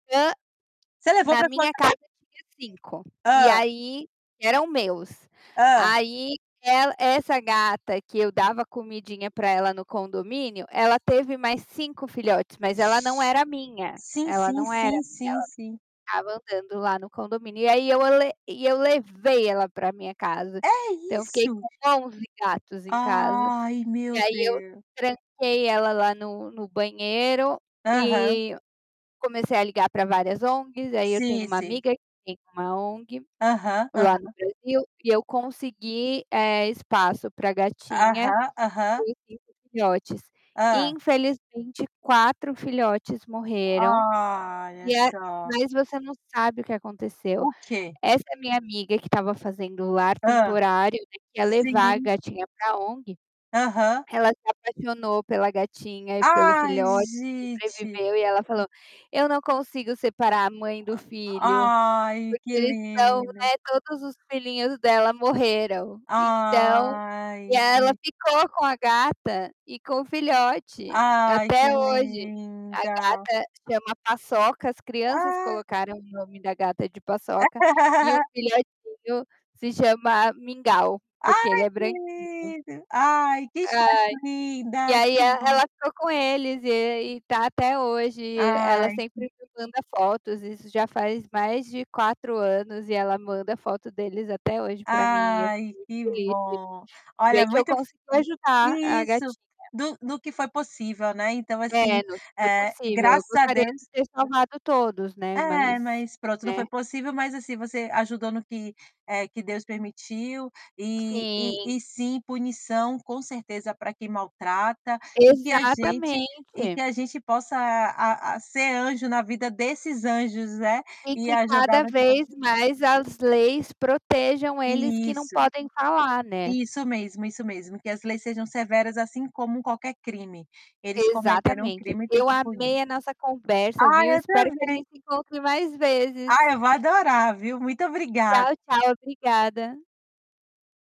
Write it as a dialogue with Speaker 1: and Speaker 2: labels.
Speaker 1: Hã,
Speaker 2: Você levou
Speaker 1: na
Speaker 2: para sua
Speaker 1: minha
Speaker 2: casa?
Speaker 1: casa tinha 5 e
Speaker 2: Hã?
Speaker 1: aí eram meus.
Speaker 2: Hã?
Speaker 1: Aí ela essa gata que eu dava comidinha para ela no condomínio, ela teve mais 5 filhotes, mas
Speaker 2: Gen
Speaker 1: ela não era minha,
Speaker 2: Sim
Speaker 1: ela
Speaker 2: sim
Speaker 1: não era
Speaker 2: sim
Speaker 1: minha,
Speaker 2: sim sim.
Speaker 1: ela ficava andando lá no condomínio e aí eu a le e eu levei ela para minha casa,
Speaker 2: É
Speaker 1: então eu fiquei
Speaker 2: isso.
Speaker 1: com 11 gatos em casa,
Speaker 2: Ai
Speaker 1: e
Speaker 2: meu
Speaker 1: aí eu
Speaker 2: Deus.
Speaker 1: tranquei ela lá no no banheiro
Speaker 2: Aham.
Speaker 1: e comecei a ligar para várias ONGs aí eu tenho
Speaker 2: Sim,
Speaker 1: uma
Speaker 2: sim.
Speaker 1: amiga que tem uma ONG,
Speaker 2: Aham,
Speaker 1: lá no
Speaker 2: aham.
Speaker 1: Brasil e eu consegui, eh, espaço para gatinha,
Speaker 2: Aham. Aham.
Speaker 1: e os 5 filhotes.
Speaker 2: Hã.
Speaker 1: Infelizmente 4 filhotes morreram,
Speaker 2: Ah, olha
Speaker 1: e a
Speaker 2: só.
Speaker 1: mas você não sabe o que aconteceu,
Speaker 2: O quê?
Speaker 1: essa minha amiga que estava fazendo o lar
Speaker 2: Hã.
Speaker 1: temporário, né, que ia levar a
Speaker 2: Sim.
Speaker 1: gatinha para ONG,
Speaker 2: Aham.
Speaker 1: ela se apaixonou pela gatinha e pelo
Speaker 2: Ai,
Speaker 1: filho
Speaker 2: gente.
Speaker 1: sobreviveu e ela falou: "Eu não consigo separar a mãe do filho,
Speaker 2: Ai, que
Speaker 1: porque eles são,
Speaker 2: linda.
Speaker 1: né, todos os filhinhos dela morreram", então, e
Speaker 2: Ai,
Speaker 1: aí ela
Speaker 2: gen
Speaker 1: ficou com a gata e com o filhote,
Speaker 2: Ai, que
Speaker 1: até hoje, a
Speaker 2: linda.
Speaker 1: gata chama Paçoca. As crianças
Speaker 2: Ah.
Speaker 1: colocaram o nome da gata de Paçoca, e o filhotinho se chama Mingau, porque ele
Speaker 2: Ai
Speaker 1: é
Speaker 2: que
Speaker 1: branquinho.
Speaker 2: lindo, ai que
Speaker 1: Ai,
Speaker 2: história
Speaker 1: e
Speaker 2: linda,
Speaker 1: aí e
Speaker 2: que
Speaker 1: ela
Speaker 2: bom.
Speaker 1: ficou com eles, e aí, está até hoje, e ela
Speaker 2: Ai
Speaker 1: sempre
Speaker 2: que
Speaker 1: me manda fotos, isso já faz mais de 4 anos e ela manda foto deles até hoje para mim, e eu fico
Speaker 2: ai
Speaker 1: muito
Speaker 2: que
Speaker 1: feliz de
Speaker 2: bom.
Speaker 1: de
Speaker 2: Olha,
Speaker 1: ver que eu
Speaker 2: muito f
Speaker 1: consigui ajudar a
Speaker 2: isso,
Speaker 1: gatinha.
Speaker 2: do do que foi possível, né, então assim,
Speaker 1: É, não foi
Speaker 2: eh,
Speaker 1: possível, eu
Speaker 2: graças a
Speaker 1: gostaria de
Speaker 2: Deus
Speaker 1: ter salvado todos, né,
Speaker 2: É,
Speaker 1: mas,
Speaker 2: mas, pronto, não
Speaker 1: né.
Speaker 2: foi possível, mas, assim você ajudou no que, eh, que Deus permitiu, e e
Speaker 1: Sim.
Speaker 2: e sim, punição, com certeza, para quem maltrata, e que a gente e
Speaker 1: Exatamente.
Speaker 2: que a gente possa a a ser anjo na vida desses anjos, né,
Speaker 1: E
Speaker 2: e
Speaker 1: que
Speaker 2: ajudar
Speaker 1: cada
Speaker 2: no que for
Speaker 1: vez
Speaker 2: possí
Speaker 1: mais as leis protejam eles que não
Speaker 2: Isso,
Speaker 1: podem falar, né.
Speaker 2: isso mesmo, isso mesmo, que as leis sejam severas assim como qualquer crime. Eles cometeram um
Speaker 1: Exatamente,
Speaker 2: crime e têm
Speaker 1: eu
Speaker 2: que punir.
Speaker 1: amei a nossa conversa,
Speaker 2: Ai
Speaker 1: viu,
Speaker 2: eu
Speaker 1: espero que a
Speaker 2: também.
Speaker 1: gente se encontre mais
Speaker 2: Ah,
Speaker 1: vezes.
Speaker 2: eu vou adorar, viu, muito obrigada.
Speaker 1: Tchau, tchau, obrigada.